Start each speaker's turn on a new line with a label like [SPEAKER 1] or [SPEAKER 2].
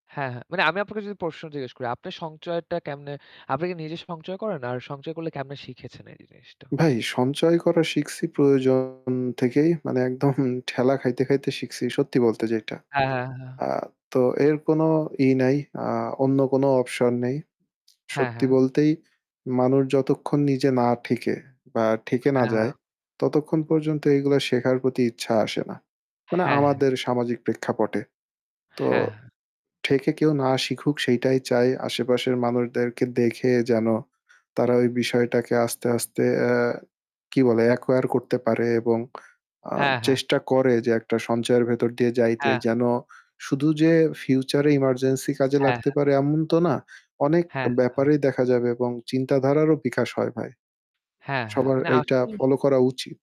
[SPEAKER 1] হ্যাঁ, হ্যাঁ। মানে আমি আপনাকে যদি প্রশ্ন জিজ্ঞেস করি, আপনার সঞ্চয়টা কেমনে আপনি কি নিজে সঞ্চয় করেন? আর সঞ্চয় করলে কেমনে শিখেছেন এই জিনিসটা?
[SPEAKER 2] ভাই সঞ্চয় করা শিখছি প্রয়োজন থেকেই। মানে একদম ঠেলা খাইতে, খাইতে শিখছি সত্যি বলতে যেটা।
[SPEAKER 1] এ হ্যাঁ, হ্যাঁ।
[SPEAKER 2] আ তো এর কোনো ই নাই, আ অন্য কোনো option নেই।
[SPEAKER 1] হ্যাঁ,
[SPEAKER 2] সত্যি
[SPEAKER 1] হ্যাঁ।
[SPEAKER 2] বলতেই মানুষ যতক্ষণ নিজে না ঠেকে বা ঠেকে না
[SPEAKER 1] হ্যাঁ,
[SPEAKER 2] যায়
[SPEAKER 1] হ্যাঁ।
[SPEAKER 2] ততক্ষণ পর্যন্ত এইগুলো শেখার প্রতি ইচ্ছা আসে না। মানে
[SPEAKER 1] হ্যাঁ, হ্যাঁ।
[SPEAKER 2] আমাদের সামাজিক প্রেক্ষাপটে তো
[SPEAKER 1] হ্যাঁ।
[SPEAKER 2] ঠেকে কেউ না শিখুক সেইটাই চাই। আশেপাশের মানুষদেরকে দেখে যেন তারা ওই বিষয়টাকে আস্তে, আস্তে আ কি বলে acquire করতে পারে এবং আ
[SPEAKER 1] হ্যাঁ, হ্যাঁ।
[SPEAKER 2] চেষ্টা করে যে একটা সঞ্চয়ের ভেতর দিয়ে যাইতে।
[SPEAKER 1] হ্যাঁ।
[SPEAKER 2] যেন শুধু যে future emergency কাজে
[SPEAKER 1] হ্যাঁ,
[SPEAKER 2] লাগতে
[SPEAKER 1] হ্যাঁ।
[SPEAKER 2] পারে এমন তো না, অনেক
[SPEAKER 1] হ্যাঁ, হ্যাঁ।
[SPEAKER 2] ব্যাপারেই দেখা যাবে এবং চিন্তাধারারও বিকাশ হয় ভাই।
[SPEAKER 1] হ্যাঁ, হ্যাঁ।
[SPEAKER 2] সবার
[SPEAKER 1] মানে
[SPEAKER 2] এইটা
[SPEAKER 1] আসল
[SPEAKER 2] follow করা উচিত।